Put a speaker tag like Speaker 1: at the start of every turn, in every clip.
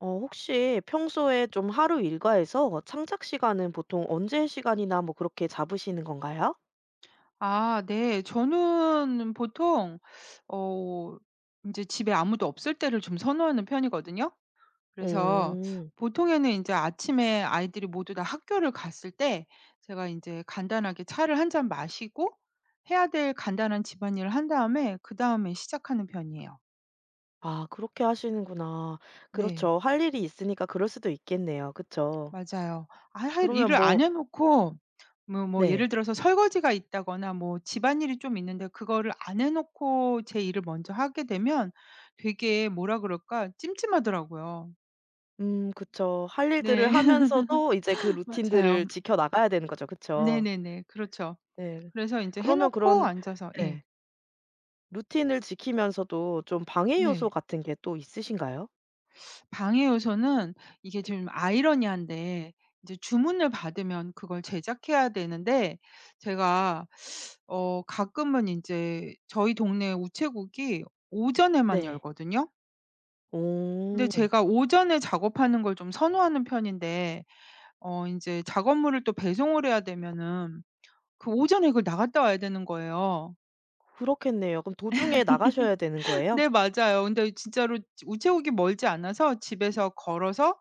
Speaker 1: 어 혹시 평소에 좀 하루 일과에서 창작 시간은 보통 언제 시간이나 뭐 그렇게 잡으시는 건가요?
Speaker 2: 아 네. 저는 보통 어 인제 집에 아무도 없을 때를 좀 선호하는 편이거든요. 그래서
Speaker 1: 오.
Speaker 2: 보통에는 인제 아침에 아이들이 모두 다 학교를 갔을 때 제가 인제 간단하게 차를 1 잔 마시고 해야 될 간단한 집안일을 한 다음에 그다음에 시작하는 편이에요.
Speaker 1: 아 그렇게 하시는구나.
Speaker 2: 네.
Speaker 1: 그렇죠. 할 일이 있으니까 그럴 수도 있겠네요 그쵸.
Speaker 2: 맞아요. 아 할
Speaker 1: 그러면
Speaker 2: 일을 안
Speaker 1: 뭐
Speaker 2: 해놓고 뭐 뭐
Speaker 1: 네.
Speaker 2: 예를 들어서 설거지가 있다거나 뭐 집안일이 좀 있는데 그거를 안 해 놓고 제 일을 먼저 하게 되면 되게 뭐라 그럴까? 찜찜하더라고요.
Speaker 1: 음 그쵸. 할
Speaker 2: 네
Speaker 1: 일들을 하면서도 이제 그 루틴들을
Speaker 2: 맞아요.
Speaker 1: 지켜나가야 되는 거죠 그쵸?
Speaker 2: 네네네. 그렇죠.
Speaker 1: 네.
Speaker 2: 그래서 인제 해
Speaker 1: 그러면
Speaker 2: 놓고
Speaker 1: 그런
Speaker 2: 앉아서
Speaker 1: 네.
Speaker 2: 예.
Speaker 1: 루틴을 지키면서도 좀 방해 요소
Speaker 2: 네.
Speaker 1: 같은 게 또 있으신가요?
Speaker 2: 방해 요소는 이게 좀 아이러니한데 인제 주문을 받으면 그걸 제작해야 되는데 제가 어 가끔은 인제 저희 동네 우체국이 오전에만
Speaker 1: 네.
Speaker 2: 열거든요. 근데
Speaker 1: 오.
Speaker 2: 제가 오전에 작업하는 걸 좀 선호하는 편인데 어 인제 작업물을 또 배송을 해야 되면은 그 오전에 이걸 나갔다 와야 되는 거예요.
Speaker 1: 그렇겠네요. 그럼 도중에 나가셔야 되는 거예요?
Speaker 2: 네. 맞아요. 근데 어 진짜로 지 우체국이 멀지 않아서 집에서 걸어서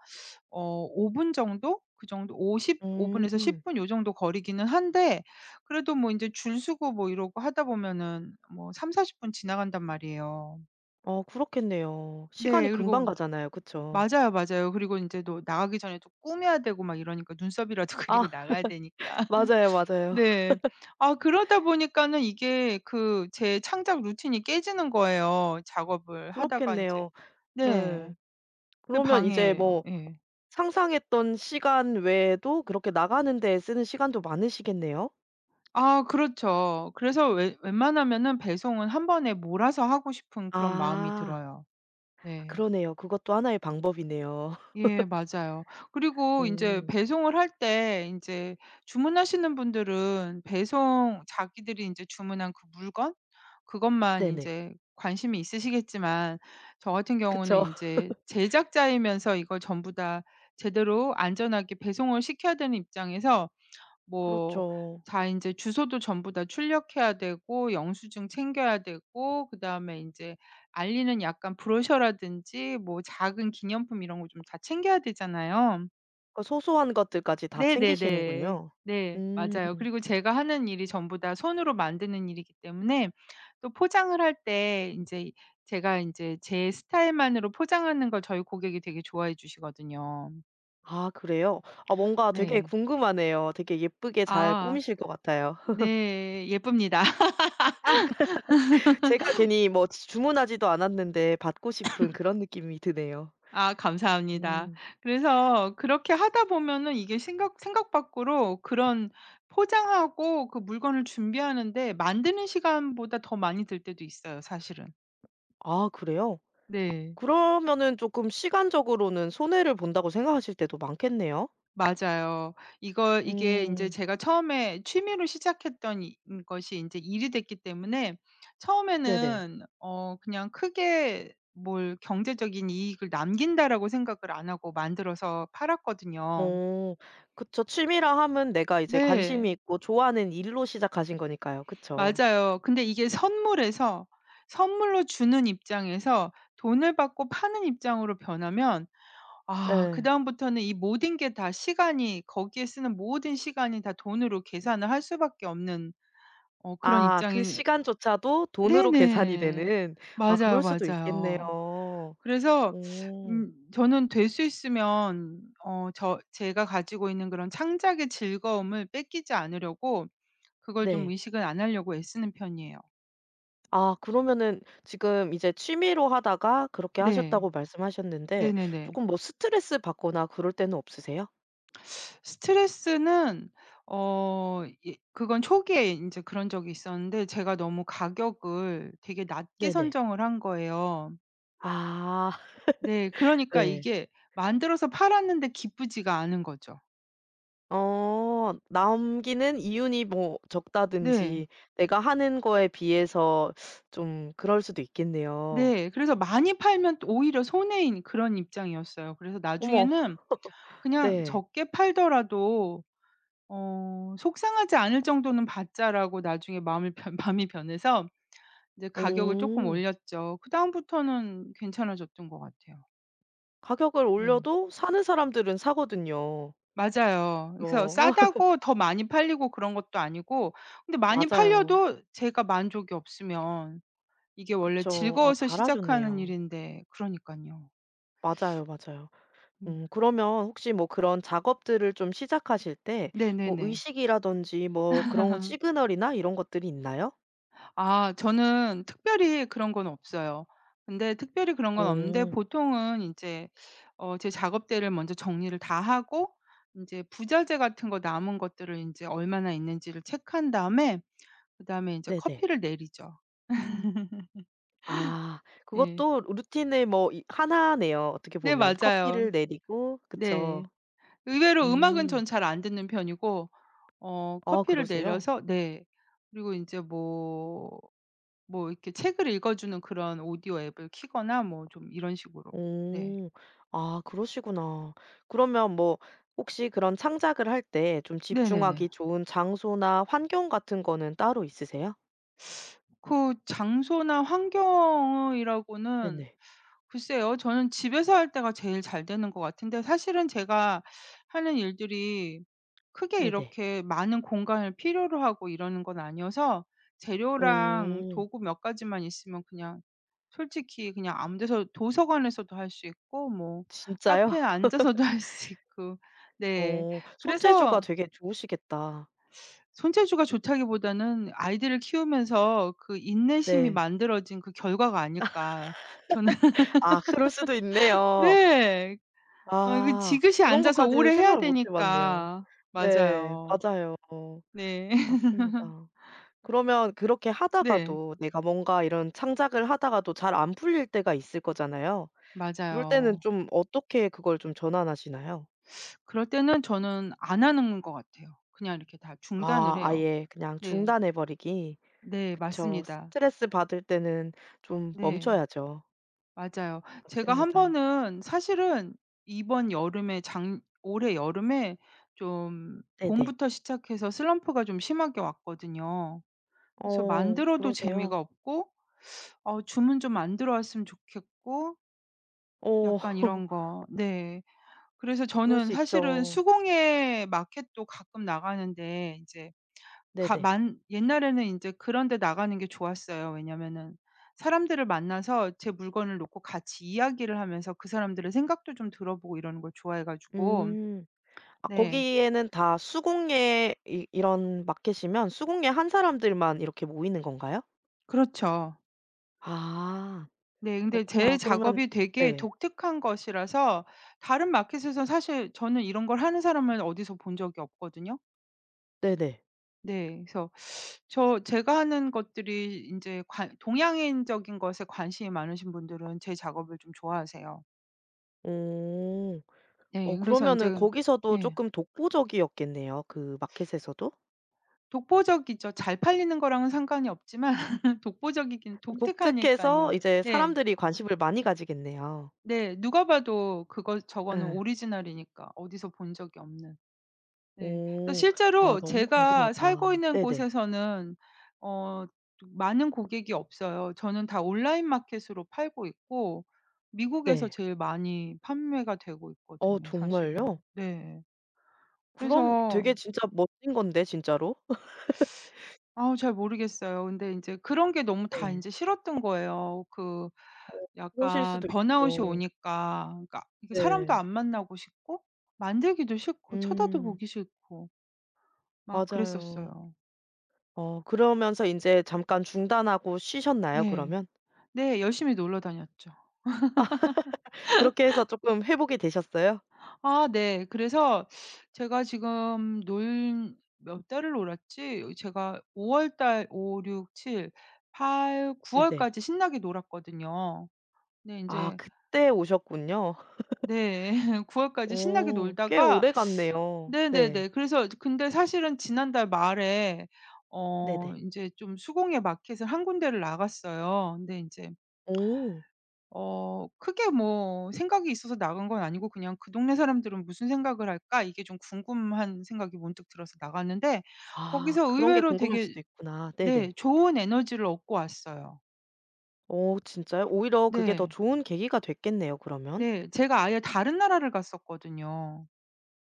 Speaker 2: 어 5 분 정도 그 정도 5 10? 5 분에서
Speaker 1: 음.
Speaker 2: 10 분 요 정도 거리기는 한데 그래도 뭐 인제 줄 서고 뭐 이러고 하다 보면은 뭐 30-40 분 지나간단 말이에요.
Speaker 1: 어 그렇겠네요.
Speaker 2: 네.
Speaker 1: 시간이 금방
Speaker 2: 그리고
Speaker 1: 가잖아요. 그쵸?
Speaker 2: 맞아요, 맞아요. 그리고 인제 또 나가기 전에 또 꾸며야 되고 막 이러니까 눈썹이라도
Speaker 1: 아
Speaker 2: 그리고 나가야 되니까.
Speaker 1: 맞아요, 맞아요.
Speaker 2: 네. 아 그러다 보니까는 이게 그 제 창작 루틴이 깨지는 거예요. 작업을 하다가 인제
Speaker 1: 그렇겠네요. 예.
Speaker 2: 네. 그게
Speaker 1: 그러면 이제
Speaker 2: 방해예요.
Speaker 1: 뭐
Speaker 2: 예.
Speaker 1: 상상했던 시간 외에도 그렇게 나가는 데 쓰는 시간도 많으시겠네요.
Speaker 2: 아 그렇죠. 그래서 웬 웬만하면은 배송은 1 번에 몰아서 하고 싶은 그런 마음이
Speaker 1: 아.
Speaker 2: 들어요.
Speaker 1: 아
Speaker 2: 네.
Speaker 1: 그러네요. 그것도 하나의 방법이네요.
Speaker 2: 예. 맞아요. 그리고 인제
Speaker 1: 어.
Speaker 2: 배송을 할 때 인제 주문하시는 분들은 배송 자기들이 인제 주문한 그 물건 그것만
Speaker 1: 네네.
Speaker 2: 인제 관심이 있으시겠지만 저 같은 경우는
Speaker 1: 그쵸.
Speaker 2: 인제 제작자이면서 이걸 전부 다 제대로 안전하게 배송을 시켜야 되는 입장에서 뭐
Speaker 1: 그렇죠.
Speaker 2: 다 인제 주소도 전부 다 출력해야 되고 영수증 챙겨야 되고 그다음에 인제 알리는 약간 브로셔라든지 뭐 작은 기념품 이런 거 좀 다 챙겨야 되잖아요.
Speaker 1: 그러니까 소소한 것들까지 다
Speaker 2: 네네네.
Speaker 1: 챙기시는군요.
Speaker 2: 네
Speaker 1: 음.
Speaker 2: 맞아요. 그리고 제가 하는 일이 전부 다 손으로 만드는 일이기 때문에 또 포장을 할 때 인제 제가 인제 제 스타일만으로 포장하는 걸 저희 고객이 되게 좋아해 주시거든요.
Speaker 1: 아 그래요? 아 뭔가 되게
Speaker 2: 네.
Speaker 1: 궁금하네요. 되게
Speaker 2: 아
Speaker 1: 예쁘게 잘
Speaker 2: 아.
Speaker 1: 꾸미실 것 같아요.
Speaker 2: 네 예쁩니다.
Speaker 1: 제가 괜히 뭐 주 주문하지도 않았는데 받고 싶은 그런 느낌이 드네요.
Speaker 2: 아 감사합니다.
Speaker 1: 음.
Speaker 2: 그래서 그렇게 하다 보면은 이게 생각 생각 밖으로 그런 포장하고 그 물건을 준비하는 데 만드는 시간보다 더 많이 들 때도 있어요 사실은.
Speaker 1: 아 그래요?
Speaker 2: 네.
Speaker 1: 그러면은 쪼끔 시간적으로는 손해를 본다고 생각하실 때도 많겠네요?
Speaker 2: 맞아요. 이걸 이게 인제
Speaker 1: 음.
Speaker 2: 제가 처음에 취미로 시작했던 이 인것이 인제 일이 됐기 때문에
Speaker 1: 네네.
Speaker 2: 처음에는 어 그냥 크게 뭘 '경제적인 이익을 남긴다.'라고 생각을 안 하고 만들어서 팔았거든요.
Speaker 1: 어 그쵸. 취미라 함은 내가 이제 관심이
Speaker 2: 네.
Speaker 1: 있고 좋아하는 일로 시작하신 거니까요. 그쵸.
Speaker 2: 맞아요. 근데 이게 선물에서 선물로 주는 입장에서 돈을 받고 파는 입장으로 변하면 아
Speaker 1: 네.
Speaker 2: 그다음부터는 이 모든 게 다 시간이 거기에 쓰는 모든 시간이 다 돈으로 계산을 할 수밖에 없는 어 그런
Speaker 1: 아 그
Speaker 2: 입장이
Speaker 1: 시간조차도 돈으로 계산이
Speaker 2: 네네.
Speaker 1: 되는. 아 그럴
Speaker 2: 맞아요,
Speaker 1: 수도 있겠네요.
Speaker 2: 맞아요. 그래서
Speaker 1: 어.
Speaker 2: 음 저는 될 수 있으면 어 저 제가 가지고 있는 그런 창작의 즐거움을 뺏기지 않으려고 그걸 좀
Speaker 1: 네.
Speaker 2: 의식은 안 하려고 애쓰는 편이에요.
Speaker 1: 아 그러면은 지금 이제 취미로 하다가 그렇게
Speaker 2: 네.
Speaker 1: 하셨다고 말씀하셨는데
Speaker 2: 네네네.
Speaker 1: 쪼금 뭐 스트레스 받거나 그럴 때는 없으세요?
Speaker 2: 스트레스는 어 예 그건 초기에 인제 그런 적이 있었는데 제가 너무 가격을 되게 낮게
Speaker 1: 네네.
Speaker 2: 선정을 한 거예요.
Speaker 1: 아.
Speaker 2: 네 그러니까
Speaker 1: 네.
Speaker 2: 이게 만들어서 팔았는데 기쁘지가 않은 거죠.
Speaker 1: 어. 남기는 이윤이 뭐
Speaker 2: 네.
Speaker 1: 적다든지 내가 하는 거에 비해서 좀 그럴 수도 있겠네요.
Speaker 2: 네. 그래서 많이 팔면 또 오히려 손해인 그런 입장이었어요. 그래서
Speaker 1: 어머.
Speaker 2: 나중에는 '그냥
Speaker 1: 네.
Speaker 2: 적게 팔더라도 어 속상하지 않을 정도는 받자.'라고 나중에 마음을 변 마음이 변해서 이제 가격을 쪼끔
Speaker 1: 어.
Speaker 2: 올렸죠. 그다음부터는 괜찮아졌던 것 같아요.
Speaker 1: 가격을
Speaker 2: 네.
Speaker 1: 올려도 사는 사람들은 사거든요.
Speaker 2: 맞아요. 그래서
Speaker 1: 그죠.
Speaker 2: 싸다고 더 많이 팔리고 그런 것도 아니고 근데 많이
Speaker 1: 맞아요.
Speaker 2: 팔려도 제가 만족이 없으면 이게 원래
Speaker 1: 그쵸. 아
Speaker 2: 즐거워서 시작하는
Speaker 1: 잘하셨네요.
Speaker 2: 일인데 그러니깐요.
Speaker 1: 맞아요, 맞아요.
Speaker 2: 음.
Speaker 1: 음 그러면 혹시 뭐 그런 작업들을 좀 시작하실 때 뭐
Speaker 2: 네네네.
Speaker 1: 의식이라든지 뭐 그런 시그널이나 이런 것들이 있나요?
Speaker 2: 아 저는 특별히 그런 건 없어요. 근데 특별히 그런 건 없는데
Speaker 1: 어.
Speaker 2: 보통은 인제 어 제 작업대를 먼저 정리를 다 하고 인제 부자재 같은 거 남은 것들을 인제 얼마나 있는지를 체크한 다음에 그다음에 인제
Speaker 1: 네네.
Speaker 2: 커피를 내리죠.
Speaker 1: 아
Speaker 2: 예.
Speaker 1: 그것도 루틴의 뭐 이 1 네요 어떻게
Speaker 2: 네
Speaker 1: 보면.
Speaker 2: 맞아요.
Speaker 1: 커피를 내리고 그쵸.
Speaker 2: 네. 의외로 음악은
Speaker 1: 음.
Speaker 2: 전 잘 안 듣는 편이고 어
Speaker 1: 아
Speaker 2: 커피를
Speaker 1: 그러세요.
Speaker 2: 내려서 네. 그리고 인제 뭐 뭐 이렇게 책을 읽어주는 그런 오디오 앱을 키거나 뭐 좀 이런 식으로. 네.
Speaker 1: 어. 아 그러시구나. 그러면 뭐 혹시 그런 창작을 할 때 좀
Speaker 2: 네네네.
Speaker 1: 집중하기 좋은 장소나 환경 같은 거는 따로 있으세요?
Speaker 2: 그 장소나 환경이라고는
Speaker 1: 네네.
Speaker 2: 글쎄요. 저는 집에서 할 때가 제일 잘 되는 것 같은데 사실은 제가 하는 일들이 크게
Speaker 1: 네네.
Speaker 2: 이렇게 많은 공간을 필요로 하고 이러는 건 아니어서 재료랑
Speaker 1: 오.
Speaker 2: 도구 몇 가지만 있으면 그냥 솔직히 그냥 아무 데서 도서관에서도 할 수 있고 뭐
Speaker 1: 진짜요?
Speaker 2: 카페에 앉아서도 할 수 있고. 네
Speaker 1: 어 손재주가
Speaker 2: 그래서
Speaker 1: 되게 좋으시겠다.
Speaker 2: 손재주가 좋다기보다는 아이들을 키우면서 그 인내심이
Speaker 1: 네.
Speaker 2: 만들어진 그 결과가 아닐까. 저는
Speaker 1: 아 그럴 수도 있네요.
Speaker 2: 네. 어 그
Speaker 1: 아.
Speaker 2: 지그시
Speaker 1: 그런
Speaker 2: 앉아서
Speaker 1: 것까지는
Speaker 2: 오래 해야
Speaker 1: 생각을 못 해봤네요.
Speaker 2: 되니까
Speaker 1: 네
Speaker 2: 맞아요.
Speaker 1: 맞아요.
Speaker 2: 네.
Speaker 1: 맞습니다. 그러면 그렇게
Speaker 2: 네.
Speaker 1: 하다가도 내가 뭔가 이런 창작을 하다가도 잘 안 풀릴 때가 있을 거잖아요? 그럴 때는
Speaker 2: 맞아요.
Speaker 1: 좀 어떻게 그걸 좀 전환하시나요?
Speaker 2: 그럴 때는 저는 안 하는 것 같아요. 그냥 이렇게 다 중단을
Speaker 1: 아,
Speaker 2: 해요.
Speaker 1: 아예 그냥
Speaker 2: 네.
Speaker 1: 중단해 버리기.
Speaker 2: 네
Speaker 1: 그쵸.
Speaker 2: 맞습니다.
Speaker 1: 스트레스받을 때는 좀
Speaker 2: 네.
Speaker 1: 멈춰야죠.
Speaker 2: 맞아요. 제가 1
Speaker 1: 맞습니다.
Speaker 2: 번은 사실은 이번 여름에 작 올해 여름에 좀
Speaker 1: 네네.
Speaker 2: 봄부터 시작해서 슬럼프가 좀 심하게 왔거든요. 그래서
Speaker 1: 어
Speaker 2: 만들어도 재미가
Speaker 1: 그러세요?
Speaker 2: 없고 어 주문 좀 안 들어왔으면 좋겠고
Speaker 1: 어.
Speaker 2: 약간 이런 거 네. 그래서
Speaker 1: 그럴
Speaker 2: 저는
Speaker 1: 수
Speaker 2: 사실은
Speaker 1: 있죠.
Speaker 2: 수공예 마켓도 가끔 나가는데 인제 가
Speaker 1: 네네.
Speaker 2: 만 옛날에는 인제 그런 데 나가는 게 좋았어요. 왜냐하면은 사람들을 만나서 제 물건을 놓고 같이 이야기를 하면서 그 사람들의 생각도 좀 들어보고 이러는 걸 좋아해 가지고.
Speaker 1: 음. 아
Speaker 2: 네.
Speaker 1: 거기에는 다 수공예 이 이런 마켓이면 수공예 한 사람들만 이렇게 모이는 건가요?
Speaker 2: 그렇죠.
Speaker 1: 아.
Speaker 2: 네, 근데 제
Speaker 1: 그렇구나 그러면
Speaker 2: 작업이 되게
Speaker 1: 네.
Speaker 2: 독특한 것이라서 다른 마켓에서 사실 저는 이런 걸 하는 사람을 어디서 본 적이 없거든요.
Speaker 1: 네네.
Speaker 2: 네. 그래서 저 제가 하는 것들이 인제 관 동양인적인 것에 관심이 많으신 분들은 제 작업을 좀 좋아하세요.
Speaker 1: 오. 어
Speaker 2: 예 그래서 인제
Speaker 1: 그러면은
Speaker 2: 그
Speaker 1: 거기서도
Speaker 2: 예.
Speaker 1: 쪼끔 독보적이었겠네요, 그 마켓에서도?
Speaker 2: 독보적이죠. 잘 팔리는 거랑은 상관이 없지만 독보적이긴
Speaker 1: 독특해서
Speaker 2: 독특하니깐요.
Speaker 1: 이제
Speaker 2: 네.
Speaker 1: 사람들이 관심을 많이 가지겠네요.
Speaker 2: 네. 누가 봐도 그거 저거는
Speaker 1: 예.
Speaker 2: 오리지널이니까 어디서 본 적이 없는. 네. 그
Speaker 1: 오. 아
Speaker 2: 실제로
Speaker 1: 너무
Speaker 2: 제가 살고
Speaker 1: 궁금하다.
Speaker 2: 있는
Speaker 1: 네네.
Speaker 2: 곳에서는 어 좀 많은 고객이 없어요. 저는 다 온라인 마켓으로 팔고 있고 미국에서
Speaker 1: 네.
Speaker 2: 제일 많이 판매가 되고
Speaker 1: 어
Speaker 2: 있거든요, 사실은.
Speaker 1: 정말요?
Speaker 2: 네.
Speaker 1: 그럼
Speaker 2: 그래서
Speaker 1: 되게 진짜 멋진 건데 진짜로.
Speaker 2: 아 잘 모르겠어요. 근데 인제 그런 게 너무 다
Speaker 1: 네.
Speaker 2: 인제 싫었던 거예요. 그
Speaker 1: 어, 그러실
Speaker 2: 약간
Speaker 1: 수도
Speaker 2: 번아웃이
Speaker 1: 있죠.
Speaker 2: 오니까 그러니까 이게 사람도
Speaker 1: 네.
Speaker 2: 안 만나고 싶고 만들기도 싫고, 쳐다도
Speaker 1: 음.
Speaker 2: 보기 싫고 막
Speaker 1: 맞아요.
Speaker 2: 그랬었어요.
Speaker 1: 어 그러면서 인제 잠깐 중단하고 쉬셨나요,
Speaker 2: 네.
Speaker 1: 그러면?
Speaker 2: 네 열심히 놀러 다녔죠.
Speaker 1: 그렇게 해서 쪼끔 회복이 되셨어요?
Speaker 2: 아 네. 그래서 제가 지금 놀 몇 달을 놀았지? 제가 5 월 달 5, 6, 7, 8, 9
Speaker 1: 네네.
Speaker 2: 월까지 신나게 놀았거든요. 네
Speaker 1: 아
Speaker 2: 인제
Speaker 1: 그때 오셨군요.
Speaker 2: 네. 9 월까지 신나게
Speaker 1: 어 꽤
Speaker 2: 놀다가
Speaker 1: 오래갔네요. 네.
Speaker 2: 네네네. 그래서 이제 근데 사실은 지난달 말에 어
Speaker 1: 네네.
Speaker 2: 인제 좀 수공예 마켓을 1 군데를 나갔어요. 근데 인제
Speaker 1: 오.
Speaker 2: 어 크게 뭐 생각이 있어서 나간 건 아니고 그냥 '그 동네 사람들은 무슨 생각을 할까?' 이게 좀 궁금한 생각이 문득 들어서 나갔는데
Speaker 1: 아
Speaker 2: 거기서
Speaker 1: 그런 게
Speaker 2: 의외로
Speaker 1: 궁금할
Speaker 2: 되게
Speaker 1: 수도 있구나.
Speaker 2: 네
Speaker 1: 네네.
Speaker 2: 좋은 에너지를 얻고 왔어요.
Speaker 1: 어 진짜요? 오히려 그게 더
Speaker 2: 네.
Speaker 1: 좋은 계기가 됐겠네요, 그러면.
Speaker 2: 네. 제가 아예 다른 나라를 갔었거든요.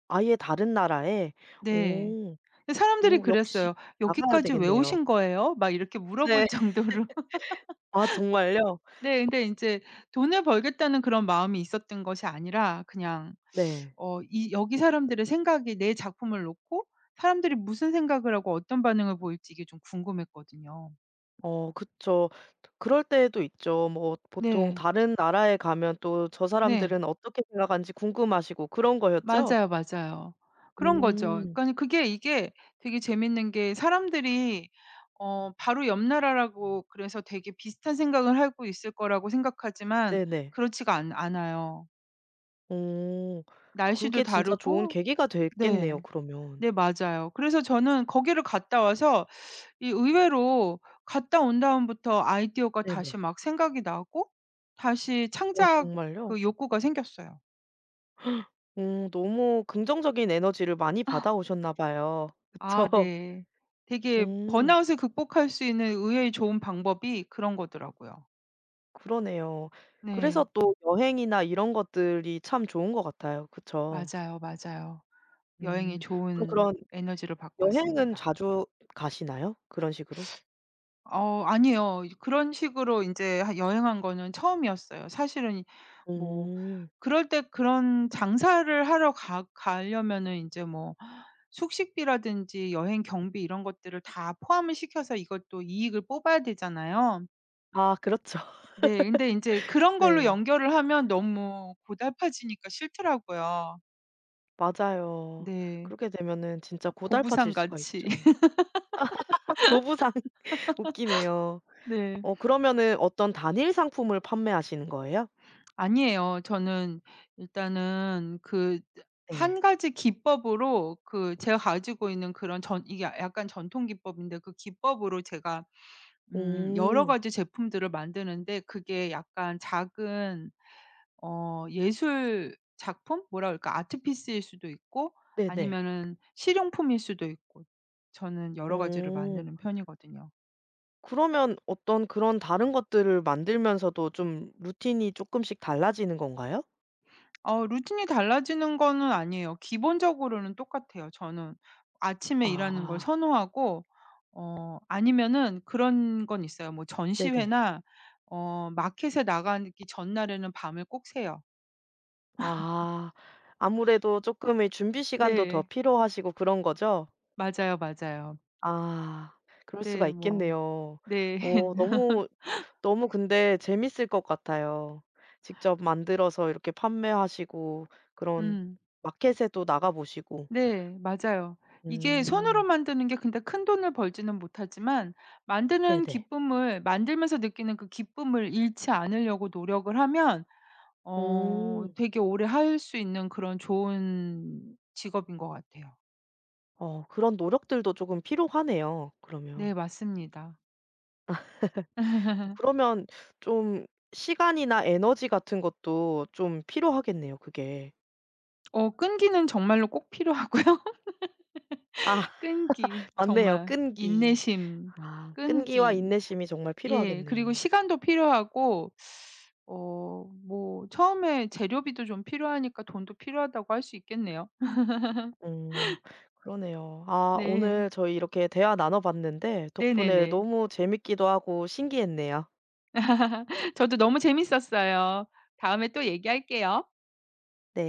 Speaker 1: 아예 다른 나라에.
Speaker 2: 네.
Speaker 1: 오.
Speaker 2: 사람들이
Speaker 1: 또 역시
Speaker 2: 그랬어요.
Speaker 1: 나가야
Speaker 2: "여기까지 왜
Speaker 1: 되겠네요.
Speaker 2: 오신 거예요?" 막 이렇게
Speaker 1: 네.
Speaker 2: 물어볼 정도로.
Speaker 1: 아 정말요?
Speaker 2: 네. 근데 인제 '돈을 벌겠다'는 그런 마음이 있었던 것이 아니라 그냥
Speaker 1: 네.
Speaker 2: 어 이 여기 사람들의 생각이 내 작품을 놓고 사람들이 무슨 생각을 하고 어떤 반응을 보일지 이게 좀 궁금했거든요.
Speaker 1: 어 그쵸. 그럴 때도 있죠. 뭐 보통
Speaker 2: 네.
Speaker 1: 다른 나라에 가면 또 저
Speaker 2: 네.
Speaker 1: 사람들은 어떻게 생각하는지 궁금하시고 그런 거였죠?
Speaker 2: 맞아요, 맞아요. 그런 거죠.
Speaker 1: 음.
Speaker 2: 그러니까 그게 이게 되게 재밌는 게 사람들이 어 바로 옆 나라라고 그래서 되게 비슷한 생각을 하고 있을 거라고 생각하지만
Speaker 1: 네네.
Speaker 2: 그렇지가 않 않아요.
Speaker 1: 오.
Speaker 2: 날씨도
Speaker 1: 그게 진짜 좋은
Speaker 2: 다르고
Speaker 1: 계기가 됐겠네요,
Speaker 2: 네.
Speaker 1: 그러면.
Speaker 2: 네 맞아요. 그래서 저는 거기를 갔다 와서 이 의외로 갔다 온 다음부터 아이디어가 다시
Speaker 1: 네네.
Speaker 2: 막 생각이 나고 다시
Speaker 1: 어
Speaker 2: 창작
Speaker 1: 정말요?
Speaker 2: 그 욕구가 생겼어요.
Speaker 1: 어 너무 긍정적인 에너지를 많이
Speaker 2: 어.
Speaker 1: 받아오셨나 봐요.
Speaker 2: 아
Speaker 1: 그쵸.
Speaker 2: 네. 되게
Speaker 1: 어.
Speaker 2: 번아웃을 극복할 수 있는 의외의 좋은 방법이 그런 거더라고요.
Speaker 1: 그러네요. 그래서
Speaker 2: 네.
Speaker 1: 또 여행이나 이런 것들이 참 좋은 것 같아요. 그쵸.
Speaker 2: 맞아요, 맞아요. 여행의
Speaker 1: 음. 그럼
Speaker 2: 좋은
Speaker 1: 그런
Speaker 2: 에너지를 받고
Speaker 1: 여행은
Speaker 2: 왔습니다.
Speaker 1: 자주 가시나요? 그런 식으로?
Speaker 2: 어우 아니에요. 이제 그런 식으로 인제 하 여행한 거는 처음이었어요. 사실은 뭐
Speaker 1: 음.
Speaker 2: 그럴 때 그런 장사를 하러 가 가려면은 인제 뭐 숙식비라든지 여행 경비 이런 것들을 다 포함을 시켜서 이것도 이익을 뽑아야 되잖아요.
Speaker 1: 아 그렇죠.
Speaker 2: 네. 근데 인제 그런 걸로
Speaker 1: 네.
Speaker 2: 연결을 하면 너무 고달파지니까 싫더라고요.
Speaker 1: 맞아요.
Speaker 2: 네.
Speaker 1: 그렇게 되면은 진짜 고달파질
Speaker 2: 보부상
Speaker 1: 수가
Speaker 2: 같이.
Speaker 1: 있죠. 보부상 웃기네요.
Speaker 2: 네.
Speaker 1: 어 그러면은 어떤 단일 상품을 판매하시는 거예요?
Speaker 2: 아니에요. 저는 일단은 그 으
Speaker 1: 네.
Speaker 2: 1 가지 기법으로 그 제가 가지고 있는 그런 전 이게 야 약간 전통 기법인데 그 기법으로 제가 음 여러
Speaker 1: 오.
Speaker 2: 가지 제품들을 만드는데 그게 약간 작은 어 예술 작품? 뭐라 그럴까. art piece일 수도 있고
Speaker 1: 네네.
Speaker 2: 아니면은 실용품일 수도 있고. 저는 여러 가지를
Speaker 1: 어.
Speaker 2: 만드는 편이거든요.
Speaker 1: 그러면 어떤 그런 다른 것들을 만들면서도 좀 루틴이 쪼끔씩 달라지는 건가요?
Speaker 2: 어 루틴이 달라지는 거는 아니에요. 기본적으로는 똑같아요, 저는. 아침에 일하는 걸
Speaker 1: 아.
Speaker 2: 선호하고 어 아니면은 그런 건 있어요. 뭐
Speaker 1: 네네.
Speaker 2: 전시회나 어 마켓에 나가기 전날에는 밤을 꼭 새요.
Speaker 1: 아. 아무래도 쪼끔의 준비 시간도 더
Speaker 2: 네.
Speaker 1: 필요하시고 그런 거죠?
Speaker 2: 맞아요. 맞아요.
Speaker 1: 아. 그럴 수가
Speaker 2: 네 뭐.
Speaker 1: 있겠네요.
Speaker 2: 네.
Speaker 1: 어 너무 너무 근데 재밌을 것 같아요. 직접 만들어서 이렇게 판매하시고 그런
Speaker 2: 음.
Speaker 1: 마켓에도 나가보시고.
Speaker 2: 네. 맞아요. 이게 손으로
Speaker 1: 음.
Speaker 2: 만드는 게 근데 큰돈을 벌지는 못하지만 만드는
Speaker 1: 네네.
Speaker 2: 기쁨을 만들면서 느끼는 그 기쁨을 잃지 않으려고 노력을 하면 어
Speaker 1: 오.
Speaker 2: 되게 오래 할 수 있는 그런 좋은 직업인 것 같아요.
Speaker 1: 어 그런 노력들도 쪼금 필요하네요, 그러면.
Speaker 2: 네 맞습니다.
Speaker 1: 그러면 좀 시간이나 에너지 같은 것도 좀 필요하겠네요, 그게.
Speaker 2: 어 끈기는 정말로 꼭 필요하고요.
Speaker 1: 아
Speaker 2: 끈기,
Speaker 1: 맞네요,
Speaker 2: 정말.
Speaker 1: 끈기.
Speaker 2: 인내심,
Speaker 1: 아 끈기와
Speaker 2: 끈기.
Speaker 1: 인내심이 정말
Speaker 2: 예 그리고
Speaker 1: 필요하겠네요.
Speaker 2: 시간도 필요하고 어 뭐 처음에 재료비도 좀 필요하니까 돈도 필요하다고 할 수 있겠네요.
Speaker 1: 음 그러네요. 아
Speaker 2: 네.
Speaker 1: 오늘 저희 이렇게 대화 나눠봤는데 덕분에
Speaker 2: 네네네.
Speaker 1: 너무 재밌기도 하고 신기했네요.
Speaker 2: 저도 너무 재밌었어요. 다음에 또 얘기할게요.
Speaker 1: 네.